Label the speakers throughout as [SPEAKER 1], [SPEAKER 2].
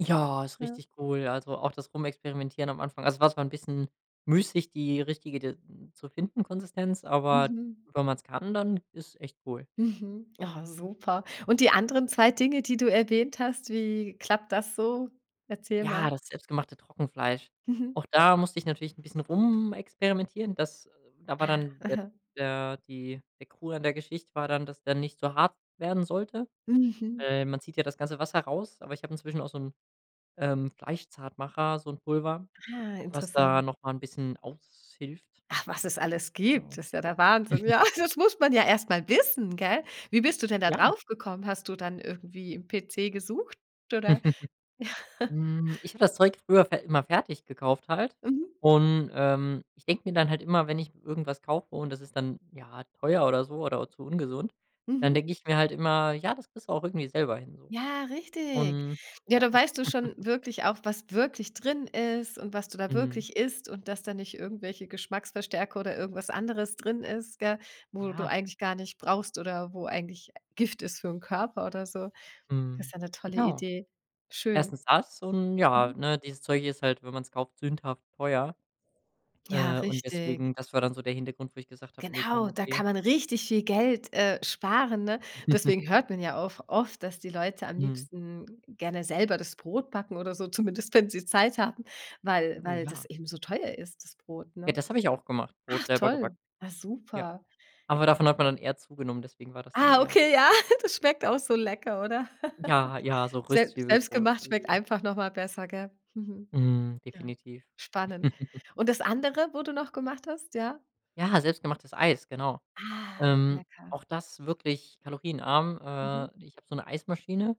[SPEAKER 1] Ja, ist
[SPEAKER 2] Ja.
[SPEAKER 1] richtig cool. Also, auch das Rumexperimentieren am Anfang. Also, es war zwar 'n bisschen müßig, die richtige d zu finden, Konsistenz, aber
[SPEAKER 2] Mhm.
[SPEAKER 1] wenn man’s kann, dann ist es echt cool.
[SPEAKER 2] Mhm, oh, super. Und die anderen 2 Dinge, die du erwähnt hast, wie klappt das so? Erzähl mal.
[SPEAKER 1] Ja, das selbstgemachte Trockenfleisch.
[SPEAKER 2] Mhm.
[SPEAKER 1] Auch da musste ich natürlich 'n bisschen rumexperimentieren. Das da war
[SPEAKER 2] Ah,
[SPEAKER 1] dann der
[SPEAKER 2] mhm.
[SPEAKER 1] der die der Krux an der Geschichte war dann, dass der nicht so hart werden sollte.
[SPEAKER 2] Mhm.
[SPEAKER 1] Äh, man zieht ja das ganze Wasser raus, aber ich habe inzwischen auch so 'n, ähm, Fleischzartmacher, so 'n Pulver,
[SPEAKER 2] Ah,
[SPEAKER 1] was da
[SPEAKER 2] interessant.
[SPEAKER 1] noch mal 'n bisschen aushilft.
[SPEAKER 2] Ach, was es alles
[SPEAKER 1] Genau.
[SPEAKER 2] gibt, ist ja der Wahnsinn. Ja, das muss man ja erst mal wissen, gell? Wie bist du denn da
[SPEAKER 1] Ja.
[SPEAKER 2] drauf gekommen? Hast du dann irgendwie im PC gesucht, oder? Ja.
[SPEAKER 1] Mhm, ich habe das Zeug früher fer immer fertig gekauft halt
[SPEAKER 2] Mhm.
[SPEAKER 1] und, ähm, ich denke mir dann halt immer, wenn ich irgendwas kaufe und das ist dann, ja, teuer oder so oder auch zu ungesund, dann
[SPEAKER 2] Mhm.
[SPEAKER 1] denke ich mir halt immer: „Ja, das kriegst du auch irgendwie selber hin.“ so.
[SPEAKER 2] Ja, richtig.
[SPEAKER 1] Und,
[SPEAKER 2] Ja,
[SPEAKER 1] ja
[SPEAKER 2] da weißt du schon wirklich auch, was wirklich drin ist und was du da
[SPEAKER 1] Mhm.
[SPEAKER 2] wirklich isst und dass da nicht irgendwelche Geschmacksverstärker oder irgendwas anderes drin ist, gell, wo du
[SPEAKER 1] Ja.
[SPEAKER 2] eigentlich gar nicht brauchst oder wo eigentlich, äh, Gift ist für ’n Körper oder so. Das ist
[SPEAKER 1] Mhm,
[SPEAKER 2] ja 'ne tolle
[SPEAKER 1] genau.
[SPEAKER 2] Idee. Schön.
[SPEAKER 1] 1. das und ja,
[SPEAKER 2] Mhm.
[SPEAKER 1] ne, dieses Zeug ist halt, wenn man’s kauft, sündhaft teuer,
[SPEAKER 2] Ja,
[SPEAKER 1] äh, und
[SPEAKER 2] richtig.
[SPEAKER 1] deswegen das war dann so der Hintergrund, wo ich gesagt habe: „Ne, komm,
[SPEAKER 2] Genau, da
[SPEAKER 1] okay.“
[SPEAKER 2] kann man richtig viel Geld, äh, sparen, ne? Deswegen hört man ja auch oft, dass die Leute am
[SPEAKER 1] Mhm.
[SPEAKER 2] liebsten gerne selber das Brot backen oder so, zumindest wenn sie Zeit haben, weil
[SPEAKER 1] Oh,
[SPEAKER 2] weil das
[SPEAKER 1] ja.
[SPEAKER 2] eben so teuer ist, das Brot,
[SPEAKER 1] Ja,
[SPEAKER 2] ne?
[SPEAKER 1] das habe ich auch gemacht, Brot
[SPEAKER 2] Ach
[SPEAKER 1] selber
[SPEAKER 2] toll,
[SPEAKER 1] gebacken.
[SPEAKER 2] ja,
[SPEAKER 1] Ja.
[SPEAKER 2] super.
[SPEAKER 1] Aber davon hat man dann eher zugenommen, deswegen war das dann
[SPEAKER 2] Ah,
[SPEAKER 1] eher
[SPEAKER 2] okay, ja, das schmeckt auch so lecker, oder?
[SPEAKER 1] Ja, ja, so
[SPEAKER 2] Selbst
[SPEAKER 1] Röstzwiebelbrot.
[SPEAKER 2] selbstgemacht schmeckt
[SPEAKER 1] Mhm.
[SPEAKER 2] einfach noch mal besser, gell? Mhm,
[SPEAKER 1] Mhm,
[SPEAKER 2] ja,
[SPEAKER 1] definitiv.
[SPEAKER 2] spannend. Und das andere, wo du noch gemacht hast, ja?
[SPEAKER 1] Ja, selbstgemachtes Eis, genau.
[SPEAKER 2] Ah,
[SPEAKER 1] Ähm,
[SPEAKER 2] lecker.
[SPEAKER 1] auch das wirklich kalorienarm.
[SPEAKER 2] Mhm.
[SPEAKER 1] Äh, ich habe so 'ne Eismaschine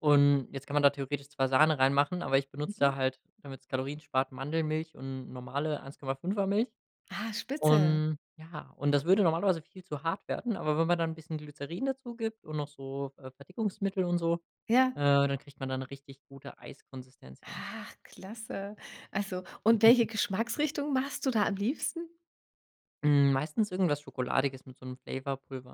[SPEAKER 1] und jetzt kann man da theoretisch zwar Sahne reinmachen, aber ich benutze
[SPEAKER 2] Mhm.
[SPEAKER 1] da halt, damit’s Kalorien spart, Mandelmilch und normale 1,5er Milch.
[SPEAKER 2] Ah, spitze!
[SPEAKER 1] Und, ja und das würde normalerweise viel zu hart werden, aber wenn man dann 'n bisschen Glycerin dazu gibt und noch so, äh, Verdickungsmittel und so, äh,
[SPEAKER 2] Ja.
[SPEAKER 1] dann kriegt man da 'ne richtig gute Eiskonsistenz hin.
[SPEAKER 2] Ach, klasse. Also, und welche Geschmacksrichtung machst du da am liebsten?
[SPEAKER 1] Mhm, meistens irgendwas Schokoladiges mit so 'nem Flavour Pulver.